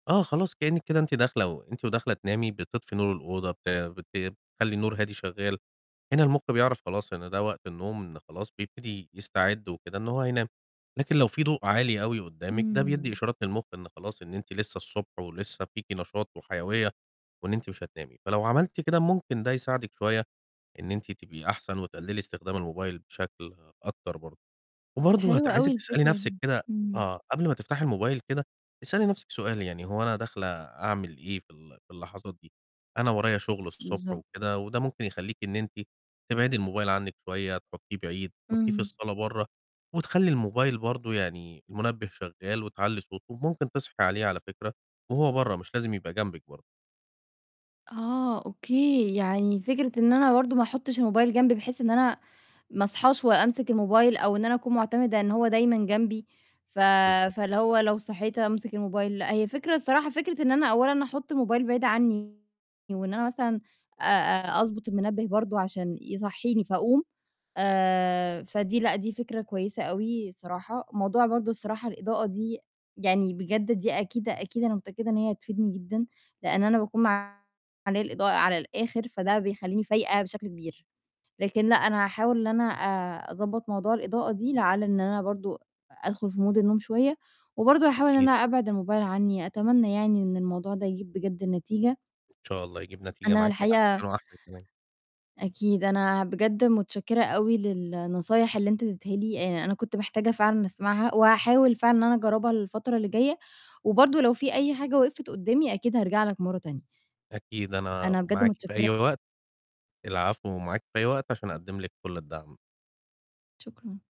آه، خلاص كإنّك كده أنتِ داخلة و أنتِ وداخلة تنامي بتطفي نور الأوضة بت بت بتخلّي النور هادي شغّال، هنا المُخ بيعرف خلاص إن ده وقت النوم إن خلاص بيبتدي يستعد وكده إن هو هينام، لكن لو في ضوء عالي أوي قُدّامِك، ده بيدّي إمم. إشارات للمُخ إن خلاص إن أنتِ لسّه الصبح ولسّه فيكِ نشاط وحيوية، وإن أنتِ مش هتنامي، فلو عملتِ كده ممكن ده يساعدِك شوية إن أنتِ تبقي أحسن وتقلِّلي استخدام الموبايل بشكل أكتر برضه، وبرضه هت حلو أوي عايزِك تسألي الفكرة نَفْسِك دي، كده إمم. آه، قبل ما تفتحي الموبايل كده، اسألي نَفْسِك سؤال، يعني "هو أنا داخلة أعمل إيه في ال في اللحظات دي؟ أنا ورايا شُغل الصبح بالضب وكده،" وده ممكن يخلّيكِ إن أنتِ تبعدي الموبايل عنِّك شوية، تحطّيه بعيد، تحطّيه في إمم. الصالة برّه وتخلّي الموبايل برضه يعني المنبه شغّال وتعلّي صوته وممكن تصحي عليه على فكرة، وهو برّه مش لازم يبقى جنبِك برضه. آه، أوكي، يعني فكرة إن أنا برضه ما أحطّش الموبايل جنبي بحيث إن أنا ما أصحاش وأمسك الموبايل، أو إن أنا أكون معتمدة إن هو دايمًا جنبي ف بالضبط. فاللي هو لو صحيت أمسك الموبايل، لأ هي فكرة الصراحة فكرة إن أنا أولًا أحُط الموبايل بعيد عنّي وإن أنا مثلًا آآ آآ أضبُط المنبه برضه عشان يصحّيني فأقوم، آآ فدي لأ، دي فكرة كويسة أوي الصراحة، موضوع برضه الصراحة الإضاءة دي يعني بجد دي أكيد، أكيد أنا متأكدة إن هي هتفيدني جدًا، لإن أنا باكون معلِّيه الإضاءة على الآخِر، فده بيخلّيني فايقة بشكل كبير، لكن لأ، أنا هاحاول إن أنا آآ أضبّط موضوع الإضاءة دي لعل إن أنا برضه أدخل في Mood النوم شوية، وبرضه هاحاول إن أكيد. أنا أبعِد الموبايل عنّي، أتمنّى يعني إن الموضوع ده يجيب بجد نتيجة. إن شاء الله يجيب نتيجة أنا معاكِ الحقيقة أحسن وأحسن كمان. أكيد، أنا بجد متشكّرة أوي للنصايح اللي أنت ادّيتها لي، آآ أنا كنت محتاجة فعلًا أسمعها، وهاحاول فعلًا إن أنا أجرّبها الفترة اللي جايّة، وبرضه لو في أي حاجة وقفت قُدّامي أكيد هارجع لك مرّة تانية. أكيد أنا أنا بجد معاكِ في متشكّرة أي وقت، العفو ومعاكِ في أي وقت عشان أقدّم لِك كلّ الدعم. شكرًا.